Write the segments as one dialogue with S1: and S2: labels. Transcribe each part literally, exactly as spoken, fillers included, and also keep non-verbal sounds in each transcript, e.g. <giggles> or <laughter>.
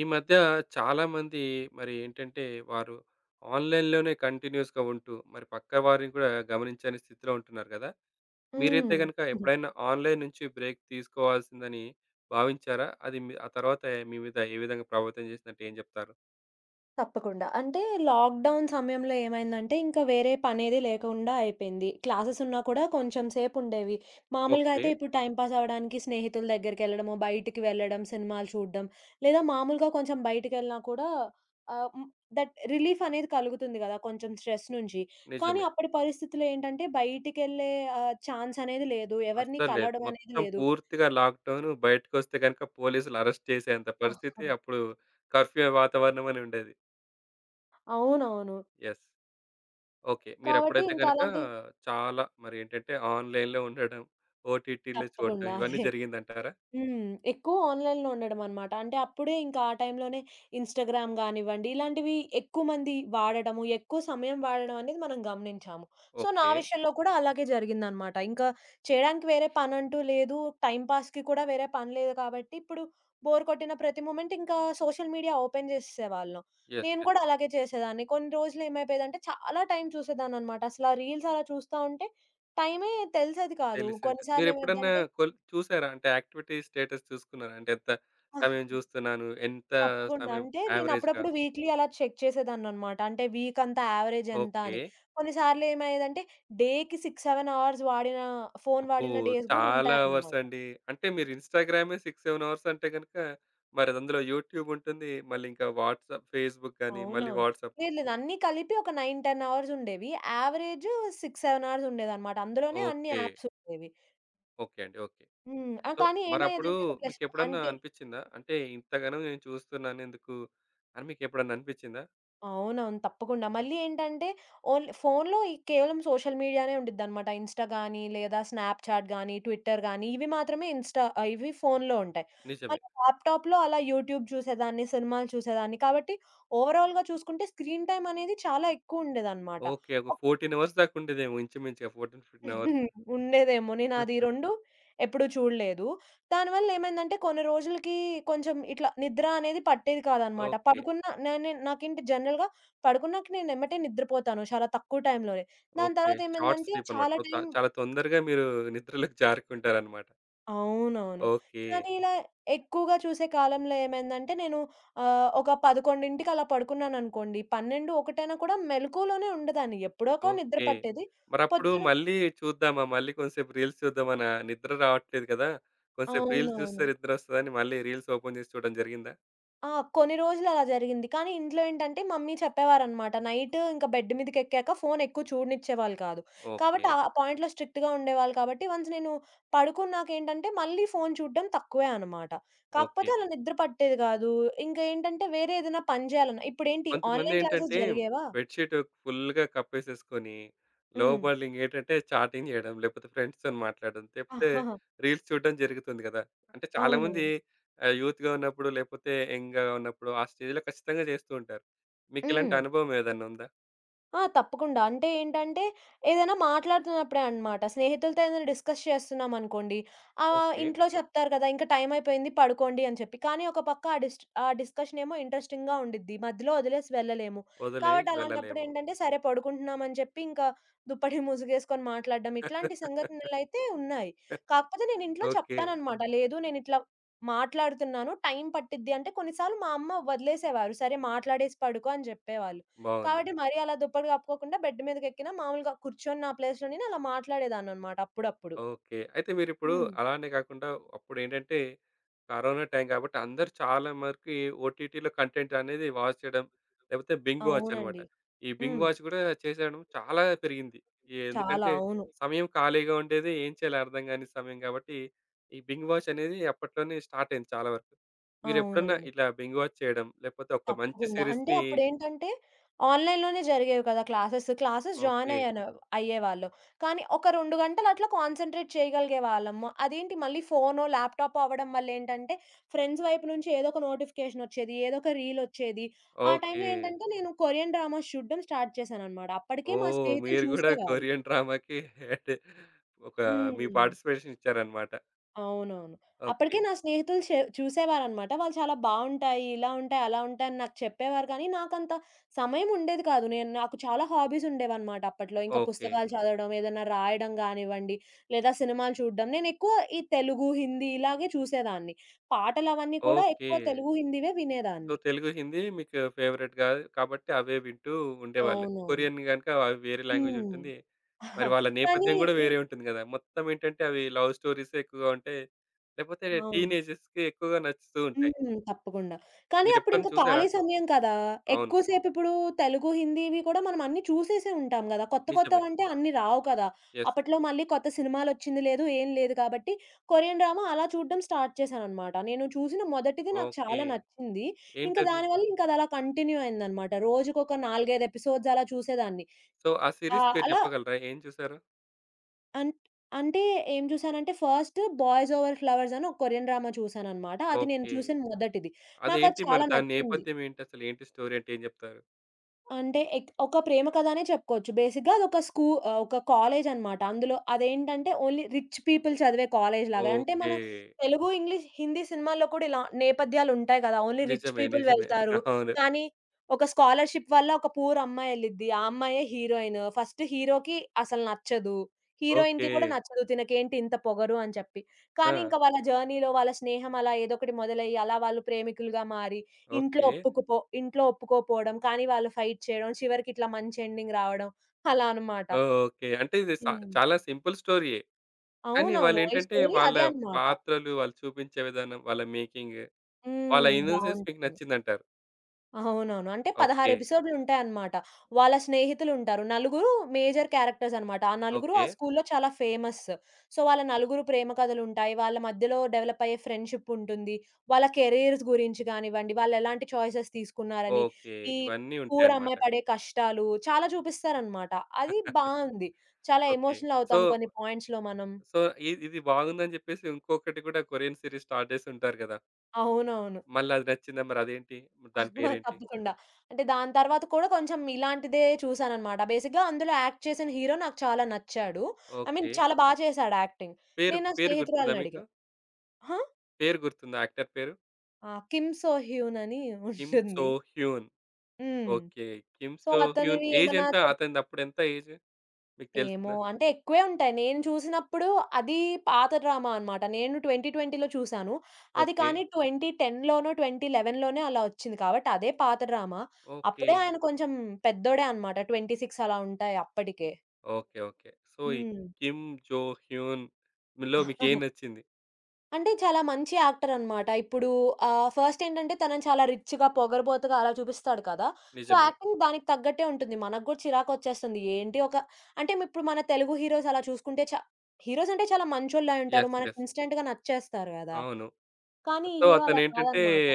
S1: ఈ మధ్య చాలా మంది మరేంటంటే, వారు ఆన్‌లైన్‌లోనే కంటిన్యూయస్‌గా ఉంటూ, మరి పక్కవారిని గూడా గమనించని స్థితిలో ఉంటున్నారు గదా! మీరైతే
S2: హ్మ్.
S1: గనుక
S2: హ్మ్.
S1: ఎప్పుడైనా ఆన్‌లైన్‌ నుంచి బ్రేక్ తీసుకోవాల్సిందని భావించారా? అది మి ఆ తరువాత మీ మీద ఏ విధంగా ప్రభావితం జేసిందంటే ఏం జెప్తారు?
S2: తప్పకుండా. అంటే లాక్‌డౌన్ సమయంలో ఏమైందంటే ఇంకా వేరే పనేది లేకుండా అయిపోయింది. క్లాసెస్ ఉన్నా కూడా కొంచెం సేపుండేవి. మామూలుగా అయితే
S1: ఓకే.
S2: ఇప్పుడు టైమ్ పాస్ అవ్వడానికి స్నేహితుల దగ్గరికెళ్ళడము, బయటికి వెళ్ళడం, సినిమాలు చూడడం లేదా మామూలుగా కొంచెం బయటికెళ్ళినా కూడా ఆహ్, ము దట్ రిలీఫ్ అనేది కలుగుతుంది గదా! కొంచెం స్ట్రెస్ నుంచి. కానీ
S1: నిజమే.
S2: అప్పటి పరిస్థితుల్లో ఏంటంటే, బయటికెళ్లే ఆ ఛాన్స్ అనేది లేదు. ఎవరిని
S1: అస్సలు లేదు.
S2: కలవడమనేది
S1: మొత్తం
S2: లేదు.
S1: పూర్తిగా లాక్‌డౌను బయటికొస్తే గనుక పోలీసులు అరెస్ట్ చేసేంత పరిస్థితి.
S2: ఆహా! ఆ!
S1: అప్పుడు కర్ఫ్యూ వాతావరణమని ఉండేది.
S2: అవునవును.
S1: యెస్! ఓకే.
S2: కాబట్టి
S1: మీరెప్పుడైతే గనుక,
S2: ఇంకలాంటి
S1: చాలా మరేంటంటే ఆన్‌లైన్‌లో ఉండడం, ఓటీటీల్లో చూడడం
S2: తప్పకుండా <chuckles>
S1: ఇవన్నీ
S2: అదే.
S1: జరిగిందంటారా?
S2: హ్మ్. ఎక్కువ ఆన్‌లైన్‌లో ఉండడమన్నమాట. అంటే అప్పుడే ఇంకా ఆ టైంలోనే, ఇన్‌స్టాగ్రామ్ గానివ్వండి, ఇలాంటివి ఎక్కువ మంది వాడడము. ఎక్కువ సమయం వాడడమనేది మనం గమనించాము. సో, నా
S1: ఓకే.
S2: విషయంలో కూడా అలాగే జరిగిందన్నమాట. ఇంకా చేయడానికి వేరే పనంటూ లేదు. టైంపాస్‌కి కూడా వేరే పని లేదు కాబట్టి ఇప్పుడు బోర్ కొట్టిన ప్రతి మొమెంట్ ఇంకా సోషల్ మీడియా ఓపెన్ జేసేసేవాళ్ళం.
S1: యెస్!
S2: నేను
S1: యెస్!
S2: కూడా అలాగే చేసేదాన్ని. కొన్ని రోజులు ఏమైపోయేదంటే, చాలా టైం చూసేదాన్నన్నమాట. అసలు ఆ రీల్స్ అలా చూస్తా ఉంటే టైమే తెలిసేది కాదు.
S1: తెలిసేది కాదు.
S2: కొన్నిసార్లు
S1: మీరెప్పుడన్నా
S2: ఏమైద్దంటే
S1: కొల్ చూసారా? అంటే యాక్టివిటీస్ స్టేటస్ చూసుకున్నారా? అంటే ఎంత
S2: ఆహా!
S1: సమయం
S2: ఆ!
S1: జూస్తున్నాను? ఎంత
S2: తప్పకుండా.
S1: సమయం
S2: అంటే నేను
S1: యావరేజ్‌గా?
S2: అప్పుడప్పుడు వీక్‌లి అలా చెక్ చేసేదాన్నన్నమాట. అంటే, వీక్ అంతా యావరేజ్ ఎంత అని
S1: ఓకే.
S2: కొన్నిసార్లు ఏమయ్యేదంటే, డేకి సిక్స్ సెవెన్ అవర్స్ వాడిన, ఫోను
S1: అబ్బో!
S2: వాడిన డేస్ గూడా
S1: చాలా అవర్స్
S2: ఉంటాయన్నమాట.
S1: అండి. అంటే మీరు ఇన్‌స్టాగ్రామే సిక్స్ సెవెన్ అవర్స్ అంటే గనుక, మరి అందులో యూట్యూబ్ ఉంటుంది. మళ్ళీ ఇంకా వాట్సాప్, ఫేస్‌బుక్ గాని మళ్ళీ
S2: అవునవును.
S1: వాట్సాప్
S2: లేదు. లేదు. అన్నీ కలిపి ఒక నైన్, టెన్ అవర్స్ ఉండేవి. యావరేజు సిక్స్ సెవెన్ అవర్స్ ఉండేదన్నమాట. అందులోనే అన్ని
S1: ఓకే.
S2: యాప్స్ ఉండేవి.
S1: ఓకే అండి. ఓకే.
S2: హ్మ్. ఆ
S1: సో,
S2: కానీ
S1: మరప్పుడు
S2: ఏమయ్యేదంటే ఒక ప్లస్
S1: మీకెప్పుడన్నా
S2: అంతె.
S1: అనిపిచ్చిందా? అంటే ఇంతగనం నేను చూస్తున్నానెందుకు అని మీకెప్పుడన్నా అనిపిచ్చిందా?
S2: అవునవును. తప్పకుండా మళ్ళీ ఏంటంటే ఓన్లీ ఫోనులో కేవలం సోషల్ మీడియానే ఉం‌డి‌‌ద్దన్నమాట. ఇన్‌స్టా‌‌గాని, లేదా స్నాప్‌చాట్‌గాని, ట్విట్టర్‌గాని ఇవి మాత్రమే ఇన్‌స్టా ఆహ్, ఇవి ఫోనులో ఉంటాయి.
S1: నిజమే.
S2: అలా ల్యాప్‌టాప్‌లో అలా యూట్యూబ్ చూసేదాన్ని, సినిమాలు చూసేదాన్ని, కాబట్టి ఓవరాల్‌గా చూసుకుంటే స్క్రీన్‌టైమ్ అనేది చాలా ఎక్కువుండేదన్నమాట.
S1: ఓకే. ఒక
S2: <unintelligible>
S1: ఫోర్‌టీన్ అవర్స్ దాకా ఉండేదేమో ఇంచుమించుగా ఫోర్‌టీన్, ఫిఫ్‌టీన్ అవర్సు.
S2: <chuckles> ఉండేదేమో నేనాది ఈ
S1: <chuckles>
S2: రెండూ ఎప్పుడూ చూడలేదు. దానివళ్ళేమైందంటే కొన్ని రోజులుకి కొంచెం ఇట్ల నిద్రా అనేది పట్టేది కాదన్నమాట.
S1: ఓకే.
S2: పడుకున్న నా నేన్ నాకేంటి జనరల్‌గా పడుకున్నాక నేనెమ్మటే నిద్రపోతాను. చాలా తక్కువ టైంలోనే. దాని
S1: ఓకే.
S2: తర్వాత
S1: షార్ట్
S2: ఏమైందంటే
S1: స్లీపన్నమాట.
S2: చాలా
S1: సో
S2: టైం
S1: చాలా తొందరగా మీరు నిద్రలోకి జారుకుంటారన్నమాట.
S2: అవునవును.
S1: ఓకే.
S2: కానీ ఇలా ఎక్కువగా చూసే కాలంలో ఏమైందంటే నేను ఆహ్, ఒక పదకొండింటికి అలా పడుకున్నాననుకోండి. పన్నెండు ఒకటైనా కూడా మెళకువలోనే ఉండదాన్ని ఎప్పుడోకో నిద్ర
S1: ఓకే.
S2: పట్టేది.
S1: మరప్పుడు
S2: పొద్దున
S1: మళ్ళీ చూద్దామా మళ్ళీ కొంసేపు రీల్స్ చూద్దామనా నిద్ర రావట్లేదు కదా! కొసేపు రీల్స్
S2: అవునవును.
S1: జూస్తే నిద్రొస్తదని మళ్ళీ రీల్స్ ఓపెన్ జేసి చూడ్డం జరిగిందా?
S2: ఆ! కొన్ని రోజులలా జరిగింది కానీ ఇంట్లో ఏంటంటే మమ్మీ చెప్పేవారనమాట నైట్ ఇంక బెడ్ మీదకేక్కాక ఫోను ఎక్కువ చూడనిచ్చేవాళ్ళు కాదు. కాబట్టి
S1: ఓకే.
S2: ఆ! పాయింట్లో స్ట్రిక్ట్‌గా ఉండేవాళ్ళు కాబట్టి వన్స్ నేను పడుకున్నాకేంటంటే మళ్ళీ ఫోను చూడడం తక్కువే అనమాట. కాకపోతే
S1: ఓకే.
S2: అలా నిద్ర పట్టేది గాదు. ఇంక ఏంటంటే వేరే ఏదైనా పని జేయాలన్న ఇప్పుడేంటి ఆన్‌లైన్ క్లాసెస్
S1: కొంతమందేంటంటే
S2: జరిగేవా!
S1: బెడ్ షీట్ ఫుల్‌గా కపేసేసుకొని
S2: హ్మ్.
S1: లోబాలింగ్ ఏంటంటే చాటింగ్ చేయడం లేపోతే ఫ్రెండ్స్‌తోని మాట్లాడడం తెప్తే
S2: ఆహాహా!
S1: రీల్స్ చూడడం జరుగుతుంది గదా! అంటే
S2: అవును.
S1: చాలామంది ఆహ్, యూత్‌గా ఉన్నప్పుడు లేపోతే యంగ్‌గా ఉన్నప్పుడు ఆ స్టేజ్‌లో ఖచ్చితంగా జేస్తూ ఉంటారు. మీకిలాంటి
S2: హ్మ్.
S1: అనుభవం ఏదైనా ఉందా?
S2: ఆ! తప్పకుండా అంటే ఏంటంటే ఏదైనా మాట్లాడుతున్నప్పుడే అన్నమాట. స్నేహితులతో ఏదైనా డిస్‌కస్ చేస్తున్నామనుకోండి ఆహ్,
S1: ఓకే.
S2: ఇంట్లో చెప్తారు గదా! ఇంకా టైమయిపోయింది పడుకోండి అని చెప్పి కానీ ఒక పక్క ఆ డిస్ట్ ఆ డిస్‌కషనేమో ఇంట్రెస్టింగ్‌గా ఉండిద్ది మధ్యలో ఒదిలేసి వెళ్ళలేము.
S1: ఒదిలేసి
S2: కాబట్టి
S1: వెళ్ళలేము.
S2: అలాంటప్పుడేంటంటే సరే పడుకుంటున్నాం అని జెప్పి ఇంకా దుప్పటి మూసుగేసుకొని మాట్లాడడం ఇట్లాంటి
S1: <laughs>
S2: సంఘటనలయితే ఉన్నాయి. కాకపోతే నేను ఇంట్లో
S1: ఓకే.
S2: చెప్తానన్నమాట లేదు నేనిట్లా మాట్లాడుతున్నాను. టైం పట్టిద్ది అంటే కొన్ని సార్లు మా అమ్మ వదిలేసేవారు. సరే మాట్లాడేసి పడుకో అని జేప్పేవాళ్ళు.
S1: బావుంది.
S2: కాబట్టి మరీ అలా దుప్పటి కప్పుకోకుండా బెడ్ మీదకేక్కినా మామూలుగా కూర్చొని నా ప్లేస్‌లో నేను అలా మాట్లాడేదానన్నమాట అప్పుడప్పుడు.
S1: ఓకే. అయితే మీరిప్పుడు
S2: హ్మ్.
S1: అలానే గాకుండా అప్పుడేంటంటే కరోనా టైం గాబట్టి అందరూ చాలా మరికి ఓటీటీలో కంటెంట్ అనేది వాచ్ చేయడం లేపోతే బింగ్ వాచన్నమాట.
S2: అవునండి.
S1: ఈ బింగ్
S2: హ్మ్.
S1: వాచ్ గూడా చేసేయడం చాలా పెరిగింది. ఎ
S2: చాలా
S1: ఎందుకంటే
S2: అవును.
S1: సమయం ఖాళీగా ఉండేది. ఏం చేయాలో అర్థం గాని సమయం గాబట్టి ఈ బింగ్ వాచనేది అప్పట్లోనే స్టార్ట్ అయింది చాలా వరకు. మీరెప్పుడన్నా
S2: అవునండి.
S1: ఇలా బింగ్ వాచ్ చేయడం లేపోతే ఒక మంచి
S2: తప్పకుండా. అంటే
S1: సీరీస్‌ని
S2: అప్పుడేంటంటే ఆన్‌లైన్‌లోనే జరిగేవి కదా! Classes classes join
S1: okay.
S2: అయ్యాను. అయ్యేవాళ్ళు కానీ ఒక రెండు గంటలు అట్లా కాన్సంట్రేట్ చేయగలిగేవాళ్ళము. అదేంటి మళ్ళీ ఫోనో ల్యాప్‌టాపో అవ్వడం వల్ల ఏంటంటే ఫ్రెండ్స్ వైపు నుంచి ఏదో ఒక నోటిఫికేషన్ ఓచ్చేది. ఏదో ఒక రీల్ ఓచ్చేది. ఆ టైం‌లో
S1: ఓకే.
S2: ఏంటంటే నేను కొరియన్ డ్రామాస్ చూడడం స్టార్ట్ చేశానన్నమాట.
S1: ఓహ్!
S2: అప్పడికే మా
S1: <giggles>
S2: స్నేహితులు
S1: మీరు గూడా
S2: చూసేవారు.
S1: కొరియన్ డ్రామకి ఏంటి ఒక మీ
S2: హ్మ్.
S1: పార్టిసిపేషన్ ఇచ్చారన్నమాట.
S2: అవునవును.
S1: ఓకే.
S2: అప్పడికే నా స్నేహితులు షే చూసేవారనమాట. వాళ్ళు చాలా బావుంటాయి ఇలా ఉంటాయి అలా ఉంటాయి అని నాకు చెప్పేవారు కానీ నాకంత సమయం ఉండేది కాదు. నేను నాకు చాలా హాబీస్ ఉండేవన్నమాట అప్పట్లో. ఇంకా
S1: ఓకే.
S2: పుస్తకాలు చదవడం, ఏదైనా రాయడం గానివ్వండి, లేదా సినిమాలు చూడడం నేను ఎక్కువ ఈ తెలుగు, హిందీ ఇలాగే చూసేదాన్ని. పాటలవన్నీ కూడా
S1: ఓకే.
S2: ఎక్కువ తెలుగు, హిందీవే
S1: సో,
S2: వినేదాన్ని.
S1: తెలుగు, హిందీ మీకు ఫేవరెట్‌గా కాబట్టి అవే వింటూ ఉండేవాళ్ళు.
S2: అవునవును.
S1: కొరియన్ గనక అవి వేరే లాంగ్వేజ్
S2: హ్మ్.
S1: ఉంటుంది. మరి వాళ్ళ
S2: <giggles> కానీ
S1: నేపథ్యం గూడా
S2: ఈ
S1: వేరే ఉంటుంది గదా! మొత్తం ఏంటంటే అవి లవ్ స్టోరీసే ఎక్కువగా ఉంటాయి. లేకపోతే
S2: అవును.
S1: టీనేజర్స్‌కి ఎక్కువగా నచ్చుతూ ఉంటాయి.
S2: హ్మ్. తప్పకుండా కానీ
S1: మీరెప్పుడైనా
S2: అప్పుడింకా ఖాళీ
S1: చూసారా?
S2: సమయం కదా!
S1: అవును.
S2: ఎక్కువ సేపిప్పుడు తెలుగు, హిందీవి కూడా మనం అన్నీ చూసేసే ఉంటాం గదా! కొత్త
S1: నిజమే.
S2: కొత్తవంటే అన్నీ రావు కదా!
S1: యెస్.
S2: అప్పట్లో మళ్ళీ కొత్త సినిమాలొచ్చింది లేదు ఏం లేదు. కాబట్టి కొరియన్ డ్రామా అలా చూడడం స్టార్ట్ చేశానన్నమాట. నేను చూసిన మొదటిది నాకు
S1: ఓకే.
S2: చాలా నచ్చింది. ఇంక
S1: ఏంటది?
S2: దానివల్ల ఇంకాదలా కంటిన్యూ అయిందన్నమాట. రోజుకొక నాలుగైదు ఎపిసోడ్స్ అలా చూసేదాన్ని
S1: సో, ఆ
S2: ఆ!
S1: సీరీస్ పేరు
S2: అలా
S1: చెప్పగలరా? ఏం జూసారో?
S2: అంట్ అంటే ఏం జుసానంటే ఫస్ట్ బాయ్స్ ఓవర్ ఫ్లవర్స్ అని ఒక కొరియన్ డ్రామా చూసానన్నమాట. అది నేను
S1: ఓకే.
S2: చూసిన మొదటిది. నాకది
S1: అదేంటి? మరి
S2: చాలా
S1: దాని
S2: నచ్చింది.
S1: నేపథ్యం ఏంటసలు? ఏంటి స్టోరీ అంటే ఏం జెప్తారు?
S2: అంటే ఎక్ ఒక ప్రేమ కథనే చెప్పుకోవచ్చు. బేసిక్‌గా అదొక స్కూ ఆహ్, ఒక కాలేజన్నమాట. అందులో అదేంటంటే ఓన్లీ రిచ్ పీపుల్ చదివే కాలేజ్ లాగా. అంటే మన
S1: ఓకే.
S2: తెలుగు, ఇంగ్లీష్, హిందీ సినిమాల్లో కూడా ఇలా నేపథ్యాలుంటాయి గదా! ఓన్లీ రిచ్
S1: నిజమే.
S2: పీపుల్
S1: నిజమే.
S2: వెళ్తారు.
S1: <giggles> అవును.
S2: కాని, ఒక స్కాలర్‌షిప్ వల్ల ఒక పూర్ అమ్మాయెళ్ళిద్ది. ఆ అమ్మాయే హీరోయిను. ఫస్ట్ హీరోకి అసలు నచ్చదు, హీరోయిన్‌కి కూడా
S1: ఓకే.
S2: నచ్చదు తినకేంటి ఇంత పొగరు అని చెప్పి. కానీ,
S1: ఆ!
S2: ఇంక వాళ్ళ జర్నీలో వాళ్ళ స్నేహమ‌లా ఏదోకటి మొదలయ్యి, అలా వాళ్ళు ప్రేమికులుగా మారి, ఇంట్లో
S1: ఓకే.
S2: ఒప్పుకుపో ఇంట్లో ఒప్పుకోపోవడం, కానీ వాళ్ళు ఫైట్ చేయడం, చివరికిట్లా మంచెండింగ్ రావడం అలా అన్నమాట.
S1: ఓహ్! ఓకే. అంటే ఇది సా
S2: హ్మ్.
S1: చాలా సింపుల్ స్టోరీ‌యే. కానీ
S2: అవునవును. ఈ
S1: వాళ్ళేంటంటే
S2: స్టోరీ
S1: వాళ్ళ
S2: అదే అన్నమాట.
S1: పాత్రలు, వాళ్ళు చూపించే విధానం, వాళ్ళ మేకింగ్, వాళ్ళ
S2: హ్మ్.
S1: ఇన్నో‌సెన్స్ మీకు
S2: బావుంటుంది.
S1: నచ్చిందంటారు.
S2: <chuckles> అవునవును. అంటే పదహారు
S1: ఓకే.
S2: ఎపిసోడులుంటాయన్నమాట. వాళ్ళ స్నేహితులుంటారు. నలుగురు మేజర్ క్యారెక్టర్స్ అన్నమాట. ఆ నలుగురు, ఆ
S1: ఓకే.
S2: స్కూల్‌లో చాలా ఫేమస్. సో, వాళ్ళ నలుగురు ప్రేమ కథలుంటాయి, వాళ్ళ మధ్యలో డెవలప్ అయ్యే ఫ్రెండ్‌షిప్పుంటుంది, వాళ్ళ కేరియర్స్ గురించి గానివ్వండి, వాళ్ళెలాంటి చాయిసెస్ తీసుకున్నారని,
S1: ఓకే.
S2: ఈ
S1: ఇవన్నీ
S2: పూర్
S1: ఉంటాయన్నమాట.
S2: అమ్మాయి పడే కష్టాలు, చాలా చూపిస్తారన్నమాట. అది బావుంది.
S1: <laughs>
S2: చాలా
S1: ఓకే.
S2: ఎమోషనల్
S1: సో
S2: అవుతాం కొన్ని పాయింట్స్‌లో మనం.
S1: సో ఇద్ ఇది బాగుందని చెప్పేసి ఇంకొకటి గూడా కొరియన్ స్టార్ట్ జేసుంటారు గదా!
S2: అవునవును.
S1: మళ్ళా అది నచ్చిందా మరదేంటి? దాని
S2: <chuckles>
S1: పేరేంటి?
S2: తప్పకుండా. అంటే దాని తరువాత కూడా కొంచెం ఇలాంటిదే చూసానన్నమాట. బేసిక్‌గా అందులో యాక్ట్ చేసిన హీరో నాకు చాలా నచ్చాడు. I mean
S1: okay.
S2: చాలా బా చేసాడు యాక్టింగ్.
S1: పేరు,
S2: నేను నా
S1: పేరు గుర్తుందా
S2: స్నేహితురాల్ని అడిగా
S1: మీకు?
S2: హా?
S1: పేరు గుర్తుందా యాక్టర్ పేరు?
S2: ఆ! 'కిమ్ సో హ్యూన్' అని
S1: కిమ్ సో
S2: ఉంటుంది.
S1: Hyun
S2: hmm.
S1: Okay. Kim
S2: So
S1: So Hyun
S2: అతనివి ఏమన్నా
S1: ఏజేంత?
S2: చెప్
S1: అతనిదప్పుడెంత ఏజ్? మీకు
S2: ఏమో!
S1: తెలిసిందా?
S2: అంటే ఎక్కువే ఉంటాయి. నేను చూసినప్పుడు అది పాత డ్రామా అన్నమాట. నేను ట్వెంటీ ట్వెంటీ‌లో చూసాను. అది
S1: ఓకే.
S2: కానీ ట్వెంటీ టెన్‌లోనో ట్వెంటీ‌ లెవెన్‌లోనే అలా ఒచ్చింది. కాబట్టి అదే పాత డ్రామా.
S1: ఓకే.
S2: అప్పుడే ఆయన కొంచెం పెద్దోడే అన్నమాట ట్వెంటీ సిక్స్ అలా ఉంటాయి అప్పడికే.
S1: ఓకే. ఓకే. సో ఈ
S2: హ్మ్.
S1: కిమ్ జో హ్యూన్‌ విల్లో మీకేం
S2: <laughs>
S1: నచ్చింది?
S2: అంటే చాలా మంచి యాక్టరన్నమాట ఇప్పుడు ఆహ్, ఫస్ట్ ఏంటంటే తనని చాలా రిచ్‌గా పొగరుబోతుగా అలా చూపిస్తాడు కదా! సో
S1: నిజమే.
S2: యాక్టింగ్ దానికి తగ్గట్టే ఉంటుంది. మన గూడా చిరాకొచ్చేస్తుంది. ఏంటి ఒక అంటే మీప్పుడు మన తెలుగు హీరోస్ అలా చూసుకుంటే చ హీరోసంటే చాలా మంచోళ్ళే అంటారు.
S1: యెస్,
S2: మనకు
S1: యెస్.
S2: ఇన్‌స్టంట్‌గా నచ్చేస్తారు గదా!
S1: అవును.
S2: కానీ ఈ
S1: సో
S2: హీరో అలా
S1: అతనేంటంటే
S2: కాదన్నమాట.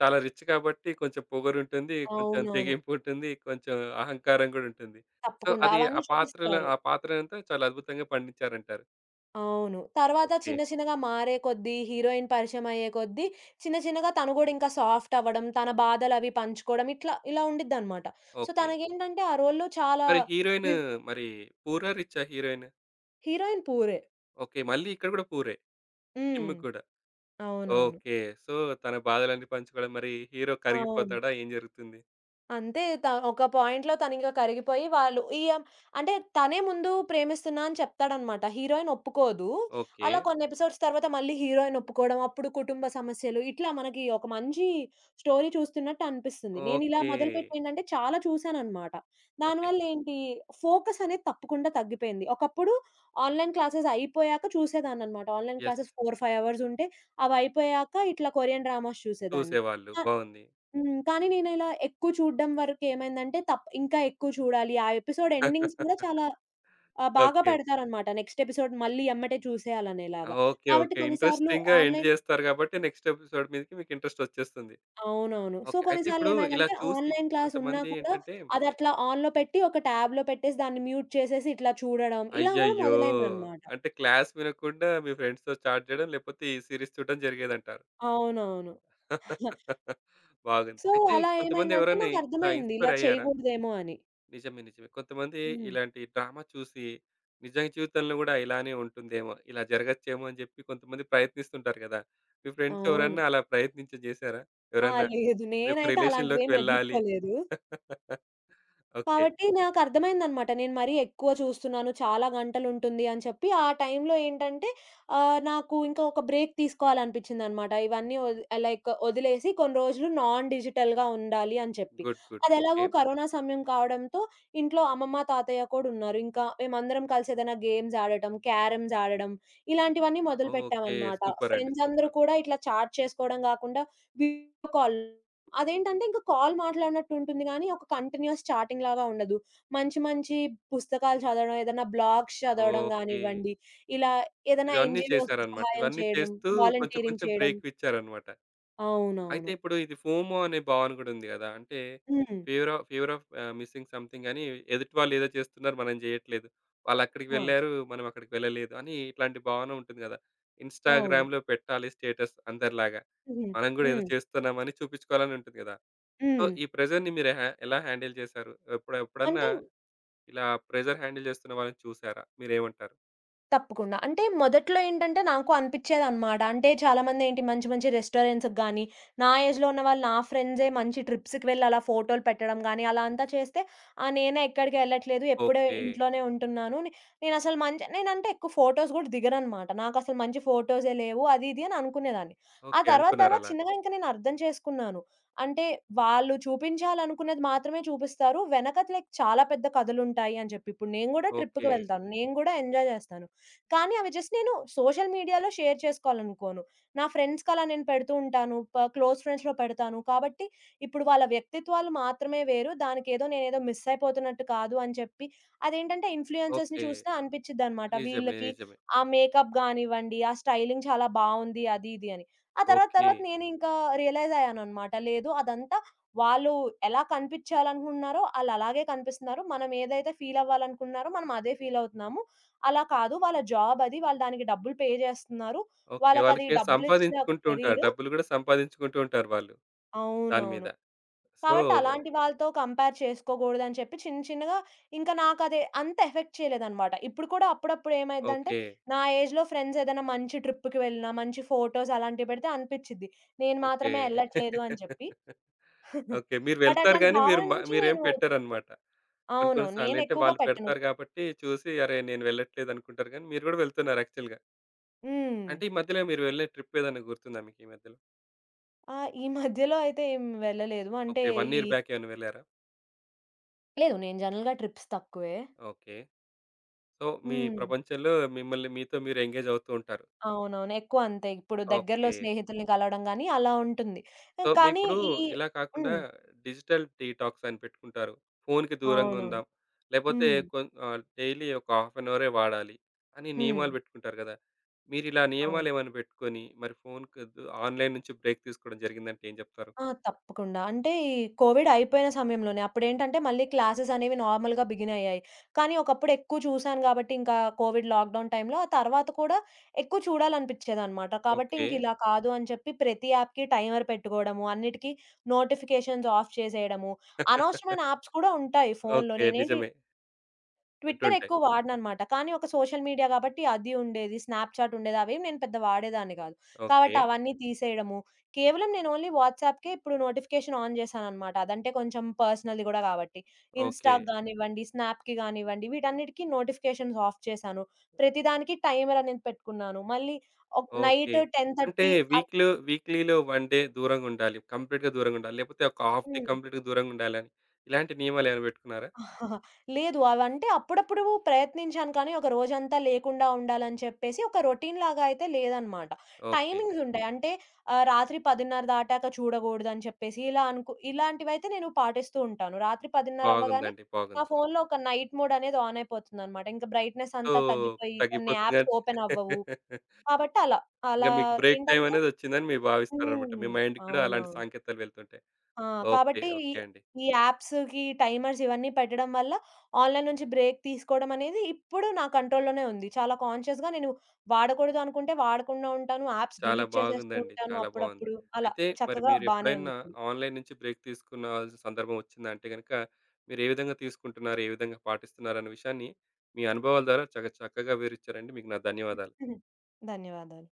S1: చాలా రిచ్ కాబట్టి కొంచెం పొగరుంటుంది, కొంచెం
S2: అవునవును.
S1: తెగింపు ఉంటుంది, కొంచెం అహంకారం గూడా ఉంటుంది. సో
S2: తప్పకుండా
S1: అది ఆ
S2: అవన్నీ
S1: పాత్ర‌ల
S2: చూపిస్తారు.
S1: ఆ పాత్రలంతా చాలా అద్భుతంగా పండించారంటారు.
S2: అవును. తరువాత
S1: ఓకే.
S2: చిన్న చిన్నగా మారేకొద్దీ హీరోయిన్ పరిచయం అయ్యేకొద్దీ చిన్న చిన్నగా తను గూడా ఇంకా సాఫ్టవ్వడం, తన బాధలవి పంచుకోవడం ఇట్లా ఇలా ఉండిద్దిన్నమాట. So
S1: okay.
S2: తనకేంటంటే ఆ రోల్‌లో చాలా
S1: మరి హీరోయిన్
S2: వివ్
S1: మరి పూరా, రిచ్చా హీరోయిన్?
S2: హీరోయిన్ పూరే.
S1: ఓకే. మళ్ళీ ఇక్కడ కూడా పూరే!
S2: హ్మ్.
S1: కిమ్ముక్ కూడా.
S2: అవునవును.
S1: ఓకే. సో తన బాధలన్నీ పంచుకోవడం, మరి హీరో
S2: అవును.
S1: కరిగిపోతాడా ఏం జరుగుతుంది?
S2: అంతే త ఒక పాయింట్‌లో తనింగ కరిగిపోయి వాళ్ళు ఈ అమ్ అంటే తనే ముందు "ప్రేమిస్తున్నా" అని చెప్తాడన్నమాట. హీరోయిన్ ఒప్పుకోదు. అలా
S1: ఓకే.
S2: కొన్ని ఎపిసోడ్స్ తరువాత మళ్ళీ హీరోయిన్ ఒప్పుకోవడం అప్పుడు కుటుంబ సమస్యలు, ఇట్లా మనకి ఒక మంచి స్టోరీ చూస్తున్నట్టు అనిపిస్తుంది. నేనిలా
S1: ఓకే.
S2: మొదలుపెట్టేంటంటే, చాలా చూసానన్నమాట. దాని
S1: ఓకే.
S2: వల్ల ఏంటి, ఫోకసనేది తప్పకుండా తగ్గిపోయింది. ఒకప్పుడు ఆన్‌లైన్ క్లాసెస్ అయిపోయాక చూసేదాన్నన్నమాట. Online
S1: yes.
S2: Classes four five అవర్సుంటే అవయిపోయాక ఇట్లా కొరియన్ డ్రామాస్ చూసేదాన్ని.
S1: చూసేవాళ్ళు.
S2: ఆహ్,
S1: బావుంది.
S2: హ్మ్. కానీ, నేనిలా ఎక్కువ చూడడం వరకేమైందంటే తప్ ఇంకా ఎక్కువ చూడాలి. ఆ ఎపిసోడ్ ఎండింగ్స్ గూడా చాలా
S1: <laughs>
S2: ఆహ్, బాగా
S1: ఓకే.
S2: పెడతారన్నమాట. నెక్స్ట్ ఎపిసోడ్ మళ్ళీ ఎమ్మటే చూసేయాలి
S1: ఆ
S2: అనేలాగా.
S1: ఓకే,
S2: కాబట్టి
S1: ఓకే.
S2: కొన్నిసార్లు
S1: ఇంట్రెస్టింగ్‌గా ఎండ్
S2: ఆన్‌లైన్
S1: జేస్తారు గాబట్టి, నెక్స్ట్ ఎపిసోడ్ మీదకి మీకు ఇంట్రెస్ట్ ఒచ్చేస్తుంది.
S2: అవునవును. So
S1: okay. అయితే
S2: కొన్నిసార్లు
S1: ఇప్పుడు ఇలా
S2: ఏమైందంటే,
S1: చూసి
S2: ఆన్‌లైన్‌ క్లాస్ ఉన్నా
S1: కొంతమంది
S2: కూడా
S1: ఏంటంటే
S2: అది అట్లా ఆన్‌లో పెట్టి ఒక ట్యాబ్‌లో పెట్టేసి దాన్ని మ్యూట్ చేసేసి ఇట్లా చూడడం, ఇలా గూడా
S1: అయ్యయ్యో!
S2: మొదలైందన్నమాట.
S1: అంటే క్లాస్ వినకుండా మీ ఫ్రెండ్స్‌తో చాట్ జేయడం లేకపోతే ఈ సీరీస్ చూడడం జరిగేదంటారు.
S2: అవునవును. <giggles>
S1: <laughs> బాగుంది.
S2: సో,
S1: అయితే
S2: అలా
S1: కొంతమంది
S2: ఏమైందంటే,
S1: ఎవరైనా ఇట్లా
S2: నాకర్థమైంది ఇలా
S1: ఇన్‌స్పైర్ అయ్యారా?
S2: చేయగూడదేమో అని.
S1: నిజమే. నిజమే. కొంతమంది
S2: హ్మ్.
S1: ఇలాంటి డ్రామ చూసి, నిజం జీవితంలో గూడా ఇలానే ఉంటుందేమో, ఇలా జరగచ్చేమో అని జెప్పి కొంతమంది ప్రయత్నిస్తుంటారు గదా! మీ ఫ్రెండ్స్
S2: అవును.
S1: ఎవరన్నా అలా ప్రయత్నించి జేశారా?
S2: ఆ!
S1: ఎవరన్నా
S2: లేదు.
S1: మీ యొక్క
S2: నేనైతే అలాంటివి
S1: రిలేషన్‌లోకి
S2: ఏమి
S1: వెళ్ళాలి.
S2: ఎదుర్కోలేదు.
S1: <laughs> ఓకే.
S2: కాబట్టి నాకర్థమైందనమాట. నేను మరీ ఎక్కువ చూస్తున్నాను చాలా గంటలు ఉంటుంది అని చెప్పి ఆ టైంలో ఏంటంటే, ఆహ్, నాకు ఇంకా ఒక బ్రేక్ తీసుకోవాలని అనిపించిందన్నమాట. ఇవన్నీ ఒది ఆహ్, లైక్ ఒదిలేసి, కొన్ని రోజులు నాన్ డిజిటల్‌గా ఉండాలి అని చెప్పి.
S1: Good, good. ఓకే.
S2: అదెలాగో కరోనా సమయం కావడంతో, ఇంట్లో అమ్మమ్మ, తాతయ్య కూడా ఉన్నారు. ఇంకా మేమందరం కలిసి ఏదైనా గేమ్స్ ఆడటం, క్యారమ్స్ ఆడడం ఇలాంటివన్నీ
S1: ఓకే.
S2: మొదలుపెట్టామన్నమాట.
S1: సూపరండి.
S2: ఫ్రెండ్సందరూ
S1: సూపర్!
S2: కూడా ఇట్లా చాట్ చేసుకోవడం గాకుండా, వీడియో కాల్. అదేంటంటే, ఇంక కాల్ మాట్లాడినట్టు ఉంటుంది గానీ, ఒక కంటిన్యూస్ చాటింగ్‌లాగా ఉండదు. మంచి మంచి పుస్తకాలు చదవడం, ఏదైనా బ్లాగ్స్ చదవడం
S1: ఓకే.
S2: గానివ్వండి, ఇలా ఏదైనా
S1: ఇవన్నీ
S2: ఎన్‌జీఓస్
S1: చేశారన్నమాట.
S2: సహాయం
S1: ఇవన్నీ
S2: చేయడం,
S1: చేస్తూ కొంచెం
S2: వాలంటీరింగ్
S1: కొంచెం
S2: చేయడం.
S1: బ్రేకులు ఇచ్చారన్నమాట. అయితే
S2: అవునవును.
S1: ఇప్పుడు ఇది ఫోమో అనే భావన గూడా ఉంది గదా! అంటే
S2: hmm.
S1: Fever‌ of fever‌ of‌ ah, missing‌ సమ్‌థింగని ఎదుటివాళ్ళు ఏదో చేస్తున్నారు, మనం జెయ్యట్లేదు. వాళ్ళు అక్కడికి
S2: ఆ!
S1: వెళ్లారు, మనం అక్కడికి వెళ్ళలేదు అని ఇట్లాంటి భావన ఉంటుంది గదా!
S2: అవును.
S1: ఇన్‌స్టాగ్రామ్‌లో పెట్టాలి స్టేటస్ అందరిలాగా.
S2: హుహు.
S1: మనం గూడా ఏదో
S2: హ్మ్.
S1: జేస్తున్నామని చూపించుకోవాలని ఉంటుంది గదా! సో
S2: హ్మ్.
S1: ఈ ప్రెషర్‌ని మీరు హ ఎలా హ్యాండిల్ జేసారు? ఎప్పుడ్ ఎప్పుడన్నా
S2: అంటే
S1: ఇలా ప్రెషర్ హ్యాండిల్ జేస్తున్న వాళ్ళని చూసారా? మీరేమంటారు?
S2: తప్పకుండా. అంటే మొదట్లో ఏంటంటే నాకు అనిపిచేదన్నమాట. అంటే చాలామంది ఏంటి మంచి మంచి రెస్టారెంట్స్‌కి గాని, నా ఏజ్‌లో ఉన్నవాళ్ళు, నా ఫ్రెండ్సే మంచి ట్రిప్స్‌కి వెళ్లి అలా ఫోటోలు పెట్టడం గాని, అలా అంతా చేస్తే ఆ నేనేక్కడికెళ్ళట్లేదు, ఎప్పుడు
S1: ఓకే.
S2: ఇంట్లోనే ఉంటున్నాను. నేనసలు నేనంటే ఎక్కువ ఫోటోస్ గూడా దిగనన్నమాట. నాకు అసలు మంచి ఫోటోసే లేవు అది ఇది అని అనుకునేదాన్ని. ఆ
S1: ఓకే.
S2: తర్వాత తర్వాత
S1: అనుకున్నారలా.
S2: చిన్నగా ఇంకా నేను అర్థం చేసుకున్నాను. అంటే వాళ్ళు చూపించాలనుకున్నది మాత్రమే చూపిస్తారు. వెనకతలే చాలా పెద్ద కథలుంటాయని జెప్పి. ఇప్పుడు నేను గూడా ట్రిప్‌కి
S1: ఓకే.
S2: వెళ్తాను, నేను గూడా ఎంజాయ్ జేస్తాను. కానీ అవి జస్ట్ నేను సోషల్ మీడియాలో షేర్ చేసుకోవాలనుకోను. నా ఫ్రెండ్స్‌కి అలా నేను పెడుతూ ఉంటాను. క్లోజ్ ఫ్రెండ్స్‌లో పెడతాను. కాబట్టి ఇప్పుడు వాళ్ళ వ్యక్తిత్వాలు మాత్రమే వేరు దానికేదో నేనేదో మిస్సయిపోతున్నట్టు కాదు అని చెప్పి అదేంటంటే ఇన్‌ఫ్లుయెన్స‌ర్స్
S1: ఓకే.
S2: చూసిన అనిపించదన్నమాట.
S1: నిజమే,
S2: వీళ్ళకి
S1: నిజమే.
S2: ఆహ్, మేకప్ గానివ్వండి, ఆ స్టైలింగ్ చాలా బావుంది, అది ఇది అని. ఆ తరువాత తరువాత
S1: ఓకే.
S2: నేను ఇంకా రియలైజయ్యానన్నమాట, లేదు అదంతా వాళ్ళు ఎలా కనిపించాలనుకుంటున్నారో ఆళ్ళలాగే కనిపిస్తున్నారు. మనమేదైతే ఫీలవ్వాలనుకుంటున్నారో మనం అదే ఫీలవుతున్నాము. అలా కాదు, వాళ్ళ జాబది వాళ్ళు దానికి డబ్బులు పే జేస్తున్నారు.
S1: ఓకే.
S2: వాళ్ళకది
S1: వాళ్ళకి
S2: డబ్బులిచ్చిన ఒక
S1: సంపాదించుకుంటుంటారు.
S2: కేరీరు.
S1: డబ్బులు గూడా సంపాదించుకుంటూ ఉంటారు వాళ్ళు దాని
S2: అవునవును.
S1: మీద. సో
S2: కాబట్టి అలాంటి వాళ్ళతో కంపేర్ చేసుకోగూడదని చెప్పి, చిన్న చిన్నగా ఇంకా నాకది అంత ఎఫెక్ట్ చేయలేదన్నమాట. ఇప్పుడు కూడా అప్పుడప్పుడు ఏమైద్దంటే
S1: ఓకే.
S2: నా ఏజ్‌లో ఫ్రెండ్సేదన్నా మంచి ట్రిప్‌కి వెళ్ళినా, మంచి ఫోటోస్ అలాంటివి పెడితే అనిపిచిద్ది. నేను
S1: ఓకే.
S2: మాత్రమే ఎళ్ళట్లేదని జెప్పి.
S1: <laughs>
S2: <chuckles>
S1: ఓకే. మీరు
S2: బట్
S1: వెళ్తారు
S2: అట్లాంటి
S1: గాని
S2: భావన
S1: మీరు
S2: నుంచి
S1: మీరేం
S2: నేను
S1: పెట్టరన్నమాట. కొన్ని
S2: అవును.
S1: కొన్ని సార్లంటే
S2: నేనెక్కువగా
S1: వాళ్ళు
S2: పెట్టను.
S1: పెడతారు గాబట్టి చూసి అరే నేను వెళ్ళట్లేదనుకుంటారు గాని మీరు గూడా వెళ్తున్నారు యాక్చువల్‌గా.
S2: హ్మ్.
S1: అంటే ఈ మధ్యలో మీరు వెళ్ళే ట్రిపేదైనా గుర్తుందా మీకీ మధ్యలో?
S2: ఆ! ఈ <chuckles> మధ్యలో అయితే ఏం వెళ్ళలేదు. అంటే
S1: ఓకే. వన్
S2: ఈ
S1: ఇయర్ బ్యాకేమైన వెళ్లారా?
S2: లేదు. నేను జనరల్‌గా ట్రిప్స్ తక్కువే.
S1: ఓకే. సో మీ
S2: హ్మ్.
S1: ప్రపంచంలో మిమ్మల్ని మీతో మీరు ఎంగేజ్ అవుతూ ఉంటారు.
S2: అవునవును ఎక్కువ అంతే. ఇప్పుడు దగ్గరలో
S1: ఓకే.
S2: స్నేహితుల్ని కలవడం గాని, అలా ఉంటుంది.
S1: సో, మి
S2: కానీ
S1: ఇప్పుడు
S2: ఈ
S1: ఇలా కాకుండా,
S2: హ్మ్.
S1: డిజిటల్ డీటాక్స్ అని పెట్టుకుంటారు. ఫోన్‌కి దూరంగా
S2: అవునవును.
S1: ఉందాం. లేపోతే
S2: హ్మ్.
S1: కొ ఆహ్, డైలీ ఒక హాఫ్‌ అన్‌ అవరే వాడాలి అని
S2: హ్మ్.
S1: నియమాలు పెట్టుకుంటారు గదా! మీరిలా
S2: అవును.
S1: నియమాలేమైనా పెట్టుకొని, మరి ఫోనుకద్దు ఆన్‌లైన్ నుంచి బ్రేక్ తీసుకోవడం జరిగిందంటే ఏం జెప్తారు?
S2: ఆ! తప్పకుండా. అంటే ఈ కోవిడ్ అయిపోయిన సమయంలోనే అప్పుడేంటంటే, మళ్ళీ క్లాసెస్ అనేవి నార్మల్‌గా బిగిన్ అయ్యాయి. కానీ, ఒకప్పుడు ఎక్కువ చూసాను కాబట్టి, ఇంకా కోవిడ్ లాక్‌‌‌డౌన్ టైమ్‌లో ఆ తర్వాత కూడా ఎక్కువ చూడాలనిపించేదన్నమాట. కాబట్టి,
S1: ఓకే.
S2: ఇంకా ఇలా కాదు అని చెప్పి, ప్రతి యాప్‌కి టైమర్ పెట్టుకోవడము, అన్నిటికీ నోటిఫికేషన్స్ ఆఫ్ చేసేయడము,
S1: <laughs>
S2: అనవసరమైన యాప్స్ కూడా ఉంటాయి. ఫోనులో
S1: ఓకే.
S2: నేనేంటి
S1: నిజమే.
S2: ట్విట్టర్
S1: ఉంటుంటాయి.
S2: ఎక్కువ వాడనన్నమాట. కానీ, ఒక సోషల్ మీడియా గాబట్టి, అది ఉండేది, స్నాప్‌చాట్‌ ఉండేది. అవేం నేను పెద్దగా వాడేదాన్ని గాదు. కాబట్టి,
S1: ఓకే.
S2: అవన్నీ తీసేయడము, కేవలం నేను ఓన్లీ వాట్సాప్‌కే ఇప్పుడు నోటిఫికేషన్ ఆన్ జేశానన్నమాట. అదంటే కొంచెం పర్సనల్‌ది గూడా గాబట్టి.
S1: ఓకే.
S2: ఇన్‌స్టాకి గానివ్వండి, స్నాప్‌కి గానివ్వండి వీటన్నిటికి నోటిఫికేషన్స్ ఆఫ్ చేశాను. ప్రతిదానికి టైమర్ అనేది పెట్టుకున్నాను. మళ్ళీ ఒక్
S1: ఓకే.
S2: నైట్ టెన్
S1: అంటే
S2: థర్టీ అల్
S1: వీక్‌లో వీక్‌లీలో వన్ డే దూరంగా ఉండాలి. కంప్లీట్‌గా దూరంగా ఉండాలి. లేకపోతే ఒక హాఫ్ డే
S2: హ్మ్.
S1: కంప్లీట్‌గా దూరంగా ఉండాలి. ఇలాంటి నియమాలేమైనా పెట్టుకున్నారా?
S2: <giggles> లేదు. అవంటే అప్పుడప్పుడు ప్రయత్నించాను కానీ, ఒక రోజంతా లేకుండా ఉండాలని చెప్పేసి ఒక రొటీన్‌లాగా అయితే లేదన్నమాట.
S1: ఓకే.
S2: టైమింగ్స్ ఉంటాయి. అంటే ఆహ్, రాత్రి పదిన్నర దాటాక చూడగూడదు అని చెప్పేసి, ఇలా అనుకు ఇలాంటివైతే నేను పాటిస్తూ ఉంటాను. రాత్రి పదిన్నర అవ్వగానే,
S1: బాగుందండి.
S2: నా
S1: బాగుంది.
S2: ఫోన్‌లో ఒక నైట్ మోడనేది ఆన్ అయిపోతుందన్నమాట. ఇంకా బ్రైట్‌నెస్
S1: సో,
S2: అంతా తగ్గిపోయి, కొన్ని
S1: తగ్గిపోతుందిలే
S2: యాప్స్
S1: అని
S2: ఓపెన్ అవ్వవు.
S1: <laughs>
S2: కాబట్టి, అలా.
S1: ఇగ
S2: అలా
S1: మీకు బ్రేక్
S2: ఏంటంటే
S1: టైమనేది ఒచ్చిందని మీరు భావిస్తారన్నమాట. మీ
S2: హ్మ్.
S1: మైండ్‌కి కూడా అలాంటి
S2: అవునవును.
S1: సాంకేతాలు వెళ్తుంటాయి.
S2: ఆ!
S1: ఓకే.
S2: కాబట్టి ఈ
S1: ఓకే అండి.
S2: ఈ యాప్స్‌కి టైమర్స్ ఇవన్నీ పెట్టడం వల్ల ఆన్‌లైన్ నుంచి బ్రేక్ తీసుకోవడమనేది, ఇప్పుడు నా కంట్రోల్‌లోనే ఉంది. చాలా కాన్‌షియస్‌గా నేను వాడకూడదు అనుకుంటే, వాడకుండా ఉంటాను. యాప్స్
S1: చాలా
S2: డిలీట్ చేసేస్తూ
S1: బాగుందండి,
S2: ఉంటాను
S1: చాలా బావుంది.
S2: అప్పుడప్పుడు అలా
S1: అయితే మరి
S2: చక్కగా బానే
S1: మీరెప్పుడైనా
S2: ఉందిప్పుడు.
S1: ఆన్‌లైన్ నుంచి బ్రేక్ తీసుకున్నవాల్సిన సందర్భం ఒచ్చిందా అంటే గనక, మీరే విధంగా తీసుకుంటున్నారు? ఏ విధంగా పాటిస్తున్నారు? అనే విషయాన్ని మీ అనుభవాల ద్వారా చాకా చక్కగా వివరిచ్చారండి. మీకు నా ధన్యవాదాలు.
S2: <giggles> ధన్యవాదాలు.